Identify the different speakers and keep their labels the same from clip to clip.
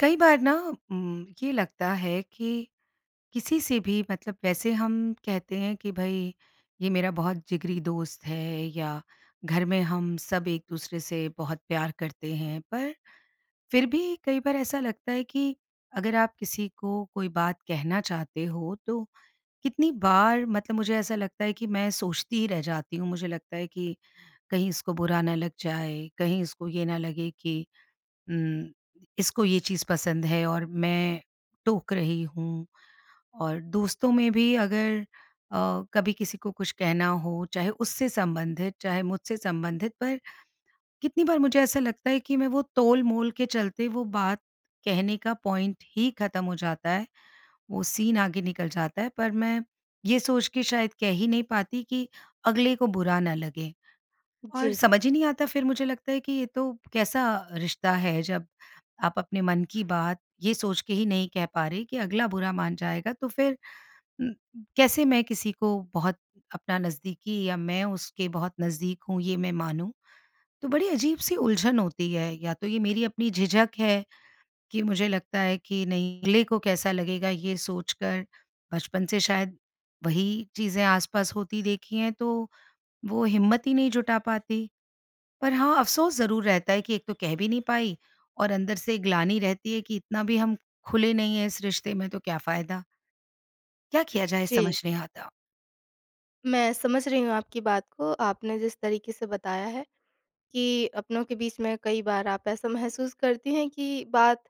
Speaker 1: कई बार ना ये उम, लगता है कि, किसी से भी मतलब वैसे हम कहते हैं कि भई ये मेरा बहुत जिगरी दोस्त है या घर में हम सब एक-दूसरे से बहुत प्यार करते हैं। पर, फिर भी कई बार ऐसा लगता है कि, अगर आप किसी को कोई बात कहना चाहते हो, तो कितनी बार मतलब मुझे ऐसा लगता है कि मैं सोचती ही रह जाती हूँ, मुझे लगता है कि कहीं इसको बुरा ना लग जाए, कहीं इसको ये ना लगे कि, उम, इसको ये चीज़ पसंद है और मैं टोक रही हूँ और दोस्तों में भी अगर अ, कभी किसी को कुछ कहना हो, चाहे उससे संबंधित, चाहे मुझसे संबंधित पर, कितनी बार मुझे ऐसा लगता है कि मैं वो तोलमोल के चलते, वो बात कहने का पॉइंट ही ख़त्म हो जाता है। वो सीन आगे निकल जाता है पर मैं, ये सोच के शायद कह ही नहीं पाती कि अगले को बुरा ना लगे। और
Speaker 2: जी।
Speaker 1: समझ ही नहीं आता फिर मुझे लगता है कि ये तो, कैसा रिश्ता है जब, आप अपने मन की बात, ये सोच के ही नहीं कह पा रहे कि अगला बुरा मान जाएगा। तो फिर म कैसे मैं किसी को, बहुत अपना नज़दीकी या मैं उसके बहुत नज़दीक हूँ, ये मैं मानूँ? तो बड़ी अजीब-सी उलझन होती है या तो ये मेरी अपनी झिझक है, कि मुझे लगता है अगले को कैसा लगेगा ये सोच कर? बचपन से शायद, वही चीज़ें आसपास होती देखी हैं, तो वो हिम्मत ही नहीं जुटा पाती। पर हाँ अफ़सोस ज़रूर रहता है कि एक तो कह भी नहीं पाई और अंदर से ग्लानि रहती है कि इतना भी हम, खुले नहीं है इस रिश्ते में, तो क्या फ़ायदा? क्या किया जाए?
Speaker 2: जी।
Speaker 1: समझ नहीं आता।
Speaker 2: मैं समझ रही हूँ आपकी बात को आपने जिस तरीक़े से बताया है, कि अपनों के बीच में कई बार आप ऐसा महसूस करतीं हैं कि बात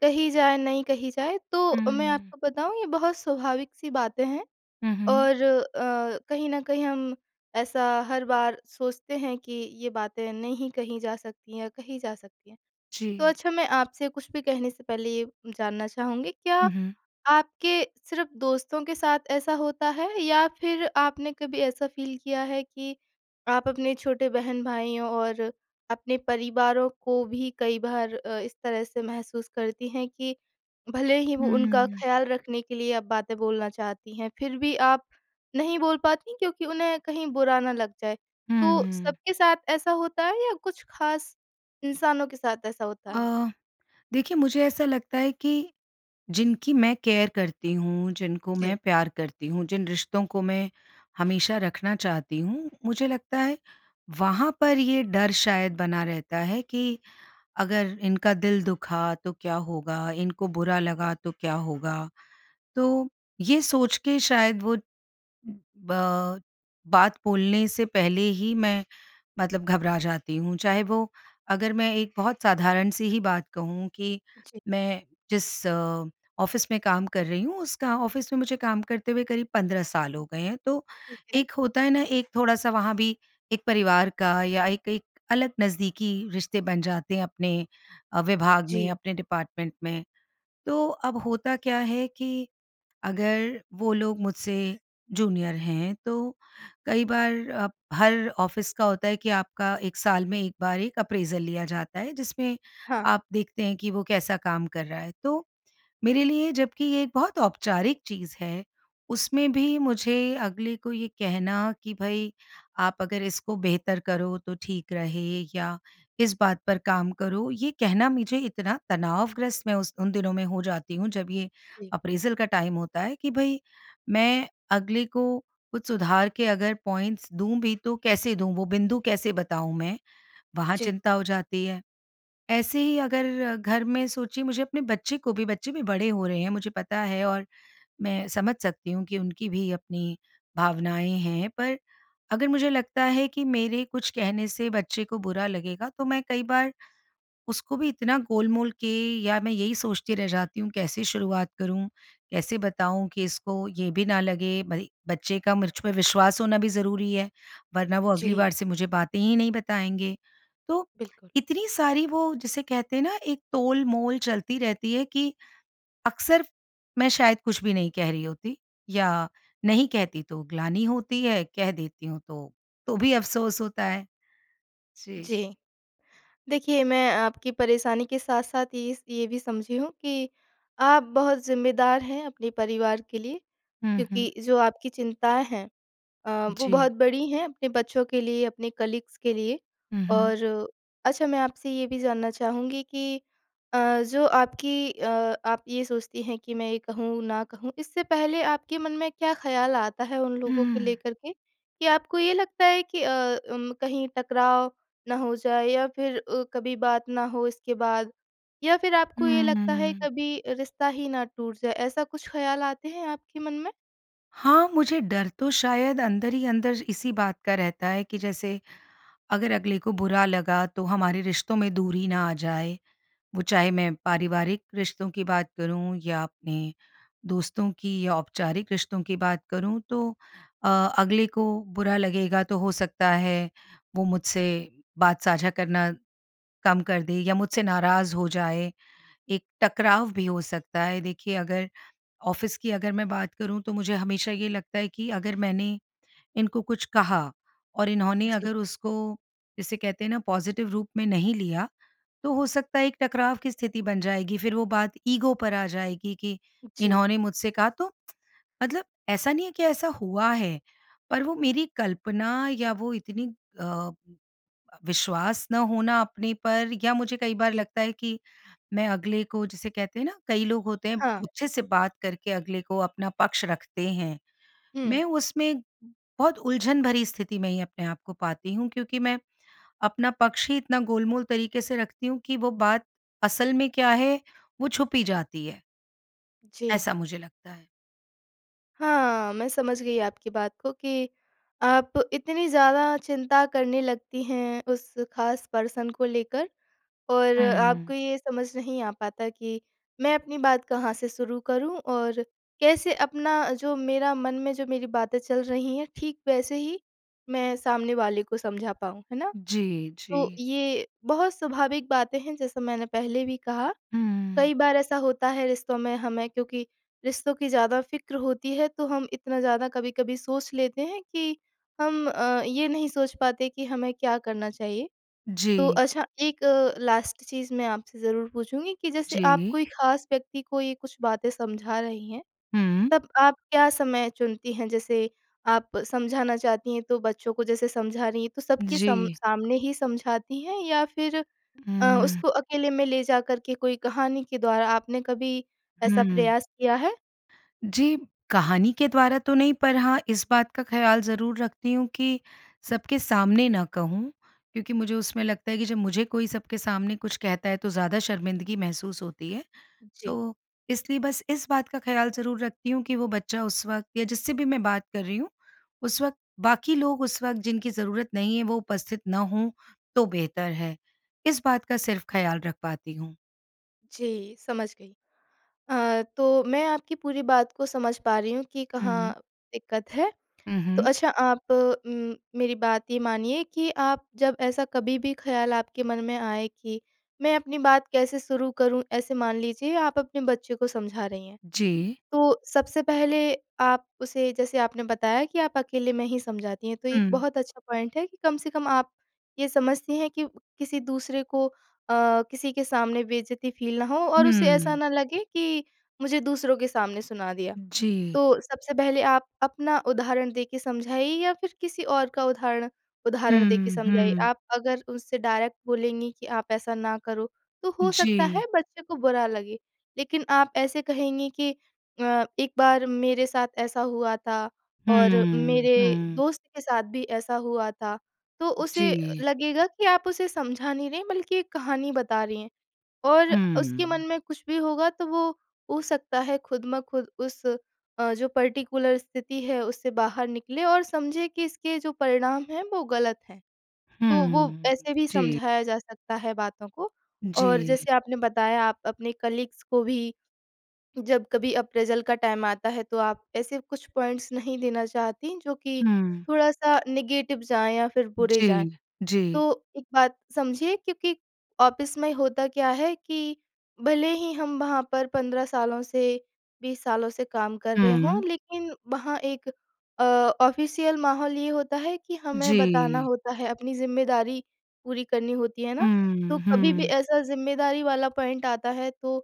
Speaker 2: कही जाए, नहीं कही जाए तो मैं
Speaker 1: हुँ।
Speaker 2: आपको बताऊँ ये बहुत स्वाभाविक-सी बातें हैं।
Speaker 1: हुँ, हुँ।
Speaker 2: और अ, कहीं न कहीं हम ऐसा हर बार सोचते हैं कि ये बातें नहीं कही जा सकतीं है या कही जा सकतीं है। तो
Speaker 1: जी।
Speaker 2: अच्छा मैं आपसे कुछ भी कहने से पहले ये जानना चाहूँगी क्या
Speaker 1: हुँ, हुँ।
Speaker 2: आपके सिर्फ़ दोस्तों के साथ ऐसा होता है? या फिर आपने कभी ऐसा फ़ील किया है कि आप अपने छोटे बहन-भाईयों और अपने परिवारों को भी कई बार अ, इस तरह से महसूस करतीं हैं कि भले ही वो उनका
Speaker 1: हुँ।
Speaker 2: ख़्याल रखने के लिए आप बातें बोलना चाहती हैं फिर भी आप नहीं बोल पातीं क्योंकि उन्हें कहीं बुरा ना लग जाए? तो
Speaker 1: हुँ।
Speaker 2: सबके साथ ऐसा होता है या कुछ ख़ास इंसानों के साथ ऐसा होता है?
Speaker 1: अ, देखिए मुझे ऐसा लगता है कि, जिनकी मैं केयर करती हूँ, जिनको मैं
Speaker 2: जी।
Speaker 1: प्यार करती हूँ, जिन रिश्तों को मैं हमेशा रखना चाहती हूँ, मुझे लगता है वहाँ पर ये डर शायद बना रहता है कि, अगर इनका दिल दुखा तो क्या होगा, इनको बुरा लगा तो क्या होगा? तो ये सोच के शायद वो, बा बात बोलने से पहले ही मैं मतलब घबरा जाती हूँ। चाहे वो अगर मैं एक बहुत साधारण-सी ही बात कहूँ कि
Speaker 2: जी।
Speaker 1: मैं जिस ऑफ़िस में काम कर रही हूँ उसका ऑफ़िस में मुझे काम करते हुए करीब 15 साल हो गए हैं। तो
Speaker 2: ठीक है।
Speaker 1: एक होता है न एक थोड़ा-सा वहाँ भी एक परिवार का या एक एक अलग नज़दीकी रिश्ते बन जाते हैं अपने अ, विभाग में,
Speaker 2: जी।
Speaker 1: अपने डिपार्टमेंट में। तो अब होता क्या है कि अगर वो लोग मुझसे जूनियर हैं तो कई बार अब हर ऑफ़िस का होता है कि आपका 1 साल में एक बार एक अप्रेजल लिया जाता है, जिसमें
Speaker 2: हाँ।
Speaker 1: आप देखते हैं कि वो कैसा काम कर रहा है। तो मेरे लिए जबकि ये एक बहुत औपचारिक चीज़ है, उसमें भी मुझे अगले को ये कहना कि भई आप अगर इसको बेहतर करो तो ठीक रहे या इस बात पर काम करो, ये कहना मुझे इतना तनावग्रस्त मैं उस उन दिनों में हो जाती हूँ जब ये
Speaker 2: जी।
Speaker 1: अप्रेजल का टाइम होता है, कि भई मैं अगले को कुछ सुधार के अगर पॉइंट्स दूँ भी तो कैसे दूँ वो बिंदु कैसे बताऊँ मैं, वहाँ
Speaker 2: जी।
Speaker 1: चिंता हो जाती है। ऐसे ही अगर घर में सोचिए मुझे अपने बच्चे को भी बच्चे भी बड़े हो रहे हैं मुझे पता है और मैं समझ सकती हूँ कि उनकी भी अपनी भावनाएँ हैं। पर अगर मुझे लगता है कि मेरे कुछ कहने से बच्चे को बुरा लगेगा तो मैं कई बार उसको भी इतना गोलमोल के या मैं यही सोचती रह जाती हूँ कैसे शुरुआत करूँ, कैसे बताऊँ कि इसको ये भी ना लगे? भई बच्चे का मुझ पे विश्वास होना भी ज़रूरी है, वरना वो अगली
Speaker 2: जी।
Speaker 1: बार से मुझे बातें ही नहीं बताएँगे। तो
Speaker 2: बिल्कुल।
Speaker 1: इतनी सारी वो जिसे कहते हैं न एक तोलमोल चलती रहती है कि, अक्सर मैं शायद कुछ भी नहीं कह रही होती या नहीं कहती तो ग्लानी होती है, कह देती हूँ तो तो भी अफ़सोस होता है। जी।
Speaker 2: जी। देखिए, मैं आपकी परेशानी के साथ-साथ ये स ये भी समझी हूँ कि आप बहुत ज़िम्मेदार हैं अपने परिवार के लिए।
Speaker 1: हुँ, हुँ।
Speaker 2: क्योंकि जो आपकी चिंताएँ हैं अ, वो
Speaker 1: जी।
Speaker 2: बहुत बड़ी हैं अपने बच्चों के लिए, अपने कलीग्स के लिए।
Speaker 1: हुँ, हुँ।
Speaker 2: और अच्छा मैं आपसे ये भी जानना चाहूँगी कि अ, जो आपकी अ, आप ये सोचतीं हैं कि मैं ये कहूँ न कहूँ इससे पहले आपके मन में क्या ख़्याल है उन लोगों को
Speaker 1: हुँ।
Speaker 2: लेकर के? कि आपको ये लगता है कि अ, अम कहीं टकराव ना हो जाए, या फिर अ, कभी बात ना हो इसके बाद, या फिर आपको ये लगता है
Speaker 1: हुँ।
Speaker 2: कभी रिश्ता ही ना टूट जाए, ऐसा कुछ ख़्याल आते हैं आपके मन में?
Speaker 1: हाँ, मुझे डर तो शायद अंदर ही अंदर इसी बात का रहता है कि जैसे, अगर अगले को बुरा लगा तो हमारे रिश्तों में दूरी ना आ जाए। वो चाहे मैं पारिवारिक रिश्तों की बात करूँ या अपने दोस्तों की या औपचारिक रिश्तों की बात करूँ। तो अ, अगले को बुरा लगेगा तो हो सकता है, वो मुझसे बात साझा करना, कम कर दे या मुझसे नाराज़ हो जाए, एक टकराव भी हो सकता है। देखिए अगर ऑफिस की अगर मैं बात करूँ, तो मुझे हमेशा ये लगता है कि अगर मैंने, इनको कुछ कहा और इन्होंने
Speaker 2: जी।
Speaker 1: अगर उसको, जिसे कहते हैं ना पॉज़िटिव रूप में नहीं लिया, तो हो सकता है एक टकराव की स्थिति बन जाएगी। फिर वो बात ईगो पर आ जाएगी कि,
Speaker 2: जी।
Speaker 1: इन्होंने मुझसे कहा, तो मतलब ऐसा नहीं है कि ऐसा हुआ है, पर वो मेरी कल्पना या वो इतनी अ, विश्वास ना होना अपने पर या मुझे कई बार
Speaker 2: जी।
Speaker 1: लगता है कि, मैं अगले को जिसे कहते हैं ना कई लोग होते हैं।
Speaker 2: हाँ।
Speaker 1: अच्छे से बात करके अगले को अपना पक्ष रखते हैं।
Speaker 2: हुँ।
Speaker 1: मैं उसमें, बहुत उलझन भरी स्थिति में ही अपने आप को पाती हूँ क्योंकि मैं, अपना पक्ष ही इतना गोल-मोल तरीक़े से रखती हूँ कि वो बात असल में क्या है? वो छुप ही जाती है।
Speaker 2: जी।
Speaker 1: ऐसा मुझे लगता है।
Speaker 2: हाँ, मैं समझ गई आपकी बात को कि, आप इतनी ज़्यादा चिंता करने लगती हैं, उस ख़ास पर्सन को लेकर और
Speaker 1: हुँ।
Speaker 2: आपको ये समझ नहीं आ पाता कि, मैं अपनी बात कहाँ से शुरू करूँ? और कैसे अपना जो मेरा मन में जो मेरी बातें चल रही हैं, ठीक वैसे ही मैं सामने वाले को समझा पाऊँ, है ना?
Speaker 1: जी,
Speaker 2: तो
Speaker 1: जी।
Speaker 2: ये, बहुत स्वाभाविक बातें हैं जैसा मैंने पहले भी कहा,
Speaker 1: हुँ।
Speaker 2: कई बार ऐसा होता है रिश्तों में, हमें क्योंकि रिश्तों की ज़्यादा फ़िक्र होती है, तो हम इतना ज़्यादा कभी-कभी सोच लेते हैं कि हम अ, ये नहीं सोच पाते कि हमें क्या करना चाहिए? तो
Speaker 1: जी।
Speaker 2: अच्छा एक अ, लास्ट चीज़ मैं आपसे ज़रूर पूछूँगी कि जैसे आप
Speaker 1: जी।
Speaker 2: कोई ख़ास व्यक्ति को ये कुछ बातें समझा रही हैं,
Speaker 1: हुँ।
Speaker 2: तब आप क्या समय चुनती हैं, जैसे आप समझाना चाहती हैं तो बच्चों को, जैसे समझा रही हैं, तो सब के सम
Speaker 1: जी।
Speaker 2: सामने ही समझाती हैं या फिर अ,
Speaker 1: हुँ।
Speaker 2: उसको अकेले में ले जाकर के कोई कहानी के द्वारा, आपने कभी, ऐसा
Speaker 1: हुँ।
Speaker 2: प्रयास किया है?
Speaker 1: जी। कहानी के द्वारा तो नहीं पर हाँ, इस बात का ख़्याल ज़रूर रखती हूँ कि, सबके सामने ना कहूँ क्योंकि मुझे उसमें लगता है कि जब मुझे कोई सबके सामने कुछ कहता है, तो ज़्यादा शर्मिंदगी महसूस होती है,
Speaker 2: जी।
Speaker 1: तो इसलिए बस इस बात का ख़्याल ज़रूर रखती हूँ कि वो बच्चा उस वक़्त या जिससे भी मैं बात कर रही हूँ, उस वक़्त बाकी लोग उस वक़्त जिनकी ज़रूरत नहीं है, वो उपस्थित ना हों तो बेहतर है। इस बात का सिर्फ़ ख़्याल रख पाती हूँ।
Speaker 2: जी समझ गई। अ, तो मैं आपकी पूरी बात को समझ पा रही हूँ कि
Speaker 1: हुँ।
Speaker 2: कहाँ दिक़्क़त है।
Speaker 1: उ,
Speaker 2: तो
Speaker 1: हुँ।
Speaker 2: अच्छा आप उम, मेरी बात ये मानिए कि आप जब ऐसा कभी भी ख़्याल आपके मन में आए कि मैं अपनी बात कैसे शुरू करूँ, ऐसे मान लीजिए आप अपने बच्चे को समझा रही हैं।
Speaker 1: जी।
Speaker 2: तो सबसे पहले आप उसे जैसे आपने बताया कि आप अकेले में ही समझाती हैं तो एक
Speaker 1: हुँ।
Speaker 2: बहुत अच्छा पॉइंट है कि कम से कम आप ये समझती हैं कि किसी दूसरे को अ, किसी के सामने बेइज़्ज़ती फ़ील ना हो और उसे ऐसा
Speaker 1: हुँ।
Speaker 2: ना लगे कि मुझे दूसरों के सामने सुना दिया।
Speaker 1: जी।
Speaker 2: तो सबसे पहले आप अपना उदाहरण देके समझाइए या फिर किसी और का उदाहरण उदाहरण देके
Speaker 1: हुँ,
Speaker 2: समझाइए।
Speaker 1: हुँ।
Speaker 2: आप अगर उससे डायरेक्ट बोलेंगी कि आप ऐसा ना करो तो हो सकता है
Speaker 1: जी।
Speaker 2: बच्चे को बुरा लगे। लेकिन आप ऐसे कहेंगी कि अ, एक बार मेरे साथ ऐसा हुआ था और
Speaker 1: हुँ,
Speaker 2: मेरे
Speaker 1: हुँ।
Speaker 2: दोस्त के साथ भी ऐसा हुआ था तो उसे
Speaker 1: जी।
Speaker 2: लगेगा कि आप उसे समझा नहीं रहीं बल्कि एक कहानी बता रही हैं। और उसके मन
Speaker 1: हुँ।
Speaker 2: में कुछ भी होगा तो वो हो सकता है खुद ब खुद उस अ, जो पर्टिकुलर स्थिति है उससे बाहर निकलें और समझें कि इसके जो परिणाम हैं वो गलत हैं। तो
Speaker 1: हुँ,
Speaker 2: वो
Speaker 1: हुँ।
Speaker 2: ऐसे भी
Speaker 1: जी।
Speaker 2: समझाया जा सकता है बातों को। और
Speaker 1: जी।
Speaker 2: जैसे आपने बताया आप अपने कलीग्स को भी जब कभी अप्रेज़ल का टाइम आता है तो आप ऐसे कुछ पॉइंट्स नहीं देना चाहतीं जो कि
Speaker 1: हुँ।
Speaker 2: थोड़ा-सा नेगेटिव जाएँ या फिर बुरे
Speaker 1: जी।
Speaker 2: जाएँ। तो
Speaker 1: जी।
Speaker 2: एक बात समझिए क्योंकि ऑफ़िस में होता क्या है कि भले ही हम वहाँ पर 15 सालों से 20 सालों से काम कर रहे हों
Speaker 1: हुँ।
Speaker 2: लेकिन वहाँ एक अ, ऑफ़िशियल माहौल ये होता है कि हमें बताना
Speaker 1: जी।
Speaker 2: होता है, अपनी ज़िम्मेदारी पूरी करनी होती है ना। तो
Speaker 1: हुँ,
Speaker 2: कभी भी
Speaker 1: हुँ।
Speaker 2: ऐसा ज़िम्मेदारी वाला पॉइंट आता है तो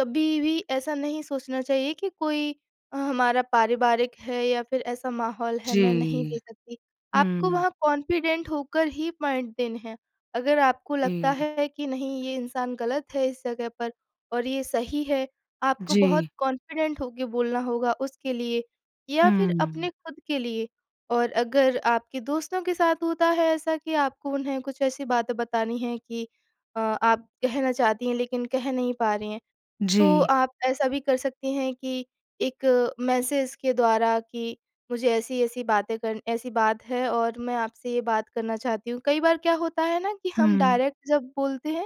Speaker 2: कभी भी ऐसा नहीं सोचना चाहिए कि कोई हमारा पारिवारिक है या फिर ऐसा माहौल है मैं नहीं
Speaker 1: जी।
Speaker 2: दे सकती। आपको
Speaker 1: हुँ।
Speaker 2: वहाँ कॉन्फिडेंट होकर ही पॉइंट देने हैं। अगर आपको लगता
Speaker 1: जी।
Speaker 2: है कि नहीं ये इंसान गलत है इस जगह पर और ये सही है, आपको बहुत
Speaker 1: जी।
Speaker 2: कॉन्फिडेंट होके बोलना होगा उसके लिए या फिर
Speaker 1: हुँ।
Speaker 2: अपने खुद के लिए। और अगर आपके दोस्तों के साथ होता है ऐसा कि आपको उन्हें कुछ ऐसी बात बतानी हैं कि अ, आप कहना चाहती हैं लेकिन कह नहीं पा रही हैं। तो
Speaker 1: जी।
Speaker 2: आप ऐसा भी कर सकती हैं कि एक मैसेज़ के द्वारा कि मुझे ऐसी-ऐसी बातें करनी ऐसी बात हैं और मैं आपसे ये बात करना चाहती हूँ। कई बार क्या होता है न कि हम
Speaker 1: हुँ।
Speaker 2: डायरेक्ट जब बोलते हैं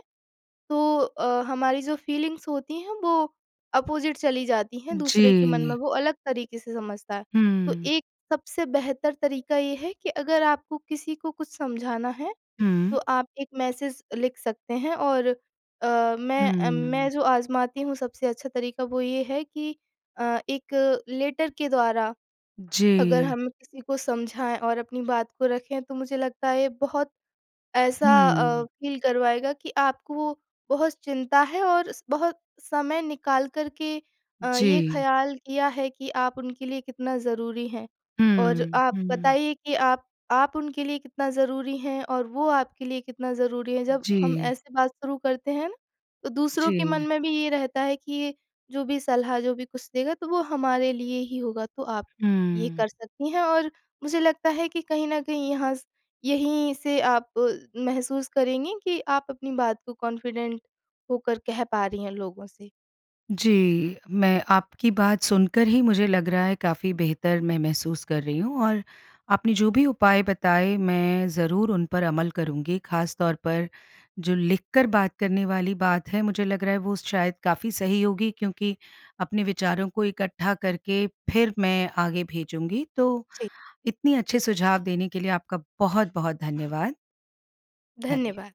Speaker 2: तो अ, हमारी जो फ़ीलिंग्स होती हैं वो अपोजिट चली जाती हैं, दूसरे के मन में
Speaker 1: जी।
Speaker 2: वो अलग तरीक़े से समझता है। तो
Speaker 1: हुँ।
Speaker 2: एक सबसे बेहतर तरीका ये है कि अगर आपको किसी को कुछ समझाना है तो
Speaker 1: हुँ।
Speaker 2: आप एक मैसेज़ लिख सकते हैं। और अ, मैं अ, मैं
Speaker 1: हुँ।
Speaker 2: जो आज़माती हूँ सबसे अच्छा तरीका वो ये है कि अ, एक लेटर के द्वारा अगर
Speaker 1: जी।
Speaker 2: हम किसी को समझाएँ और अपनी बात को रखें तो मुझे लगता है ये बहुत ऐसा अ,
Speaker 1: हुँ।
Speaker 2: फ़ील करवाएगा कि आपको बहुत चिंता है और स बहुत समय निकाल कर के अ, ये
Speaker 1: जी।
Speaker 2: ख़्याल किया है कि आप उनके लिए कितना ज़रूरी हैं। और
Speaker 1: हुँ,
Speaker 2: आप
Speaker 1: हुँ।
Speaker 2: बताइए कि आप आप उनके लिए कितना ज़रूरी हैं और वो आपके लिए कितना ज़रूरी हैं। जब हम
Speaker 1: जी।
Speaker 2: ऐसे बात शुरू करते हैं तो दूसरों के मन
Speaker 1: जी।
Speaker 2: में भी ये रहता है कि ये जो भी सलाह जो भी कुछ देगा तो वो हमारे लिए ही होगा। तो आप ये
Speaker 1: हुँ।
Speaker 2: कर सकती हैं और मुझे लगता है कि कहीं न कहीं यहाँ स यहीं से आप महसूस करेंगी कि आप अपनी बात को कॉन्फिडेंट होकर कह पा रही हैं लोगों से।
Speaker 1: जी। मैं आपकी बात सुनकर ही मुझे लग रहा है काफ़ी बेहतर मैं महसूस कर रही हूँ। और आपने जो भी उपाय बताए मैं ज़रूर उन पर अमल करूँगी ख़ास तौर पर जो लिखकर बात करने वाली बात है मुझे लग रहा है वो शायद काफ़ी सही होगी क्योंकि अपने विचारों को इकट्ठा करके फिर मैं आगे भेजूँगी। तो
Speaker 2: जी।
Speaker 1: इतनी अच्छे सुझाव देने के लिए आपका बहुत-बहुत धन्यवाद। धन्य
Speaker 2: धन्यवाद।